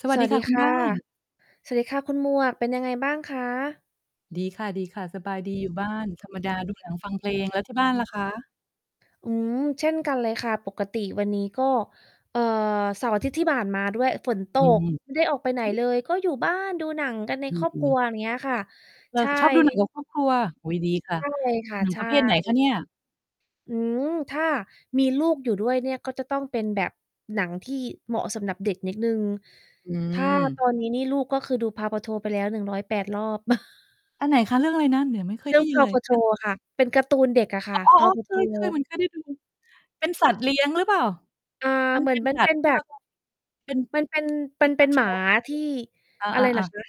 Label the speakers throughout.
Speaker 1: สวั
Speaker 2: ส
Speaker 1: สด
Speaker 2: ว
Speaker 1: ี
Speaker 2: ัส
Speaker 1: ค
Speaker 2: ด
Speaker 1: ่
Speaker 2: ี
Speaker 1: ะคุ
Speaker 2: ค
Speaker 1: ณ
Speaker 2: ่
Speaker 1: บ
Speaker 2: ะ
Speaker 1: ้าน
Speaker 2: สวัสดีค่ะคุณหมวกเป็นยังไงบ้างคะ?
Speaker 1: ดีค่ะ ๆ สบายดีอยู่บ้าน ธรรมดา ดูหนัง ฟังเพลง แล้วที่บ้านล่ะคะ?
Speaker 2: อืม เช่นกันเลยค่ะ ปกติวันนี้ก็ เอ่อ เสาร์อาทิตย์ที่ผ่านมาด้วย ฝนต
Speaker 1: อื
Speaker 2: ก
Speaker 1: ม
Speaker 2: ไม่ได้ออกไปไหน
Speaker 1: ฮ
Speaker 2: เล
Speaker 1: ึ!
Speaker 2: ย ก็อยู่บ้านดูหนังกันใน
Speaker 1: ด
Speaker 2: ครอบค
Speaker 1: ี
Speaker 2: รัว
Speaker 1: ๆ
Speaker 2: อย่างเงี้ยค่ะ
Speaker 1: เออ
Speaker 2: ใช่
Speaker 1: ชอบดูหนัง กับครอบ ครัว โอ้โฮ ดีค่ะ
Speaker 2: ใช่ ค่ะ
Speaker 1: หนัง
Speaker 2: ใช
Speaker 1: ปร
Speaker 2: ่
Speaker 1: ะเภทไหนคะเนี่ย?
Speaker 2: อืม ถ้ามีลูกอยู่ด้วยเนี่ย ก็จะต้องเป็นแบบหนังที่เหมาะสำหรับเด็กนิดหนึ่ง
Speaker 1: อื
Speaker 2: ถ้า ต
Speaker 1: ม
Speaker 2: อนนี้นี่ลูกก็คือดู PAW Patrol ไปแล้ว 108 รอบ
Speaker 1: อันไหนคะ? เรื่องอะไรนะ? เดี๋ยวไม่เค
Speaker 2: เ
Speaker 1: ย
Speaker 2: ร
Speaker 1: ไ
Speaker 2: ื
Speaker 1: ด
Speaker 2: ่อ
Speaker 1: ้
Speaker 2: ง
Speaker 1: ยินเล
Speaker 2: PAW
Speaker 1: ย กา
Speaker 2: Patrol ค่ะ เป็นการ์ตูนเด็กอะค
Speaker 1: อ๋
Speaker 2: ่ะ
Speaker 1: อ
Speaker 2: PAW
Speaker 1: ๆ ๆ เค
Speaker 2: Patrol
Speaker 1: ย ๆ เหมือนเคยได้ดู เป็นสัตว์เลี้ยงหรือเปล่า?
Speaker 2: อ่า
Speaker 1: มัน
Speaker 2: เหม
Speaker 1: เ
Speaker 2: ื
Speaker 1: ป
Speaker 2: อ
Speaker 1: ็
Speaker 2: น
Speaker 1: น
Speaker 2: มั
Speaker 1: ส
Speaker 2: น
Speaker 1: ั
Speaker 2: เป
Speaker 1: ตว
Speaker 2: ็
Speaker 1: ์
Speaker 2: น
Speaker 1: ที
Speaker 2: แ
Speaker 1: ่
Speaker 2: บ
Speaker 1: เรา
Speaker 2: บ
Speaker 1: แบบ เป็น
Speaker 2: มันเป็น มันเป็นหม
Speaker 1: Pikachu
Speaker 2: าที่
Speaker 1: อ
Speaker 2: อะไรล่
Speaker 1: า
Speaker 2: ะ
Speaker 1: ๆ ๆ
Speaker 2: คะ?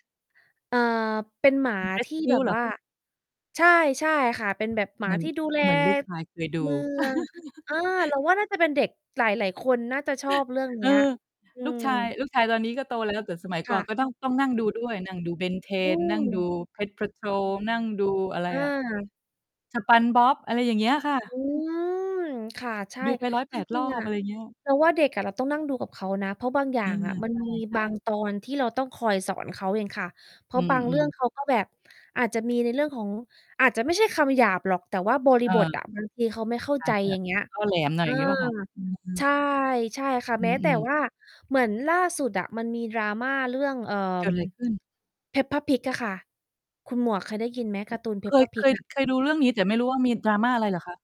Speaker 2: เอ่อ เป็นหมาที่แบบ
Speaker 1: rescue เหร
Speaker 2: ว
Speaker 1: อ?
Speaker 2: ่า ใช่ ๆ ค่ะ เป็นแบบหม
Speaker 1: เห
Speaker 2: า
Speaker 1: มือน
Speaker 2: ที่ดูแล
Speaker 1: เหมือนลูก ชาย เคยดู
Speaker 2: เมือง เออ เราว่าน่าจะเป็นเด็กหลาย ๆ คนน่าจะชอบเรื่องเ
Speaker 1: เ
Speaker 2: น
Speaker 1: อ
Speaker 2: ี
Speaker 1: อ
Speaker 2: ้ย อื
Speaker 1: ลูกชาย
Speaker 2: ม
Speaker 1: ลูกชายตอนนี้ก็โตแล้ว แต่สมัย
Speaker 2: ค
Speaker 1: ก่อ
Speaker 2: ่
Speaker 1: น
Speaker 2: ะ
Speaker 1: ก็ต้อง ต้องนั่งดูด้วย นั่งดู
Speaker 2: อื
Speaker 1: Ben10 นั่งดู
Speaker 2: ม
Speaker 1: Pet Patrol นั่งดูอะไร
Speaker 2: อ
Speaker 1: อะ
Speaker 2: า
Speaker 1: SpongeBob อะไรอย่างเงี้ยค่
Speaker 2: อ
Speaker 1: ะ
Speaker 2: ืม ค่ะ ใช่
Speaker 1: ดู ไป ร้อยแ
Speaker 2: จ
Speaker 1: ป
Speaker 2: ร
Speaker 1: ด ร
Speaker 2: ิง
Speaker 1: อ
Speaker 2: ๆ อ
Speaker 1: บ
Speaker 2: ะ
Speaker 1: อะไรอย่างเงี้ย
Speaker 2: เราว่าเด็กอะเราต้องนั่งดูกับเขานะ เพราะบางอย่
Speaker 1: อ
Speaker 2: า
Speaker 1: ื
Speaker 2: ง
Speaker 1: ม
Speaker 2: อะมัน
Speaker 1: ใช่
Speaker 2: มี
Speaker 1: ใช
Speaker 2: บาง
Speaker 1: ่
Speaker 2: ตอนที่เราต้องคอยสอนเขาเองค่ะ เพร
Speaker 1: อ
Speaker 2: า
Speaker 1: ื
Speaker 2: ะบางเรื่อ
Speaker 1: ม
Speaker 2: ง
Speaker 1: ๆ
Speaker 2: เขาก็ แบบอาจจะมีในเรื่องของ อาจจะไม่ใช่คำหยาบหรอก แต่ว่าบริ
Speaker 1: เ
Speaker 2: บท
Speaker 1: ออ
Speaker 2: อะ บาง ทีเขาไม่เข้า
Speaker 1: อ
Speaker 2: ใ
Speaker 1: า
Speaker 2: จ
Speaker 1: จจะ
Speaker 2: อย่างเงี้ย
Speaker 1: ก็ แหลมหน่อ
Speaker 2: เ
Speaker 1: ย
Speaker 2: อ
Speaker 1: อ
Speaker 2: อ
Speaker 1: ย่างงี้เปล่าคะ? อื
Speaker 2: ใช
Speaker 1: ม
Speaker 2: ่ ใช่ค่ะ
Speaker 1: อื
Speaker 2: แม้แต่
Speaker 1: อ ๆ
Speaker 2: ว่าเหมือนล่าสุดอะมันมี drama เรื่อง เอ่อ
Speaker 1: เกิดไรขึ้น?
Speaker 2: Peppa Pig อะค่ะ คุณหมวกเคยได้ยินไหม? ก
Speaker 1: อ
Speaker 2: าร์ตูน
Speaker 1: เคย
Speaker 2: Peppa
Speaker 1: เค
Speaker 2: Pig
Speaker 1: ย
Speaker 2: อะ?
Speaker 1: เคยดูเรื่องนี้ แต่ไม่รู้ว่ามี drama อะไรเหรอคะ?